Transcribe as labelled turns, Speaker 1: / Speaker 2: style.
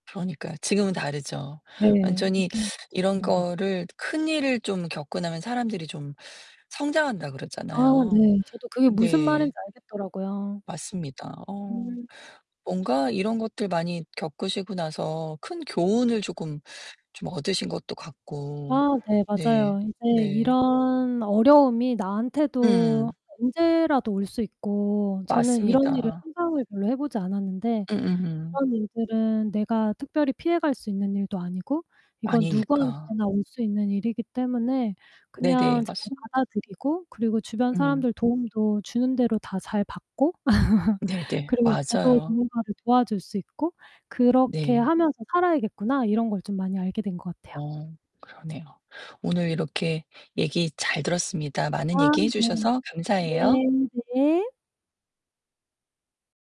Speaker 1: 그러니까요. 지금은 다르죠.
Speaker 2: 네.
Speaker 1: 완전히
Speaker 2: 느낌
Speaker 1: 이런
Speaker 2: 그런 것
Speaker 1: 거를 큰일을 좀 겪고 나면 사람들이 좀 성장한다고
Speaker 2: 아
Speaker 1: 그러잖아요.
Speaker 2: 네. 저도 그게 무슨 말인지
Speaker 1: 네.
Speaker 2: 알겠더라고요.
Speaker 1: 맞습니다. 어
Speaker 2: 음.
Speaker 1: 뭔가 이런 것들 많이 겪으시고 나서 큰 교훈을 조금 좀 얻으신 것도 같고
Speaker 2: 아 네
Speaker 1: 네.
Speaker 2: 맞아요. 이제
Speaker 1: 네.
Speaker 2: 이런 어려움이 나한테도
Speaker 1: 음.
Speaker 2: 언제라도 올 수 있고 저는 이런 일을
Speaker 1: 맞습니다.
Speaker 2: 상상을 별로 해보지 않았는데
Speaker 1: 음음음.
Speaker 2: '이런 일들은 내가 특별히 피해갈 수 있는 일도 아니고 이건
Speaker 1: 아니니까.
Speaker 2: 누구한테나 올 수 있는 일이기 때문에 그냥
Speaker 1: 네네.
Speaker 2: 잘
Speaker 1: 맞습니다.
Speaker 2: 받아들이고 그리고 주변
Speaker 1: 음.
Speaker 2: 사람들 도움도 주는 대로 다 잘 받고
Speaker 1: 네네.
Speaker 2: 그리고 저도
Speaker 1: 맞아요.
Speaker 2: 누군가를 도와줄 수 있고 그렇게
Speaker 1: 네.
Speaker 2: 하면서 살아야겠구나.' 이런걸 좀 많이 알게 된 것 같아요.
Speaker 1: 어 그러네요. 오늘 이렇게 얘기 잘 들었습니다.
Speaker 2: 아
Speaker 1: 많은 얘기해
Speaker 2: 네.
Speaker 1: 주셔서 감사해요.
Speaker 2: 네. 네.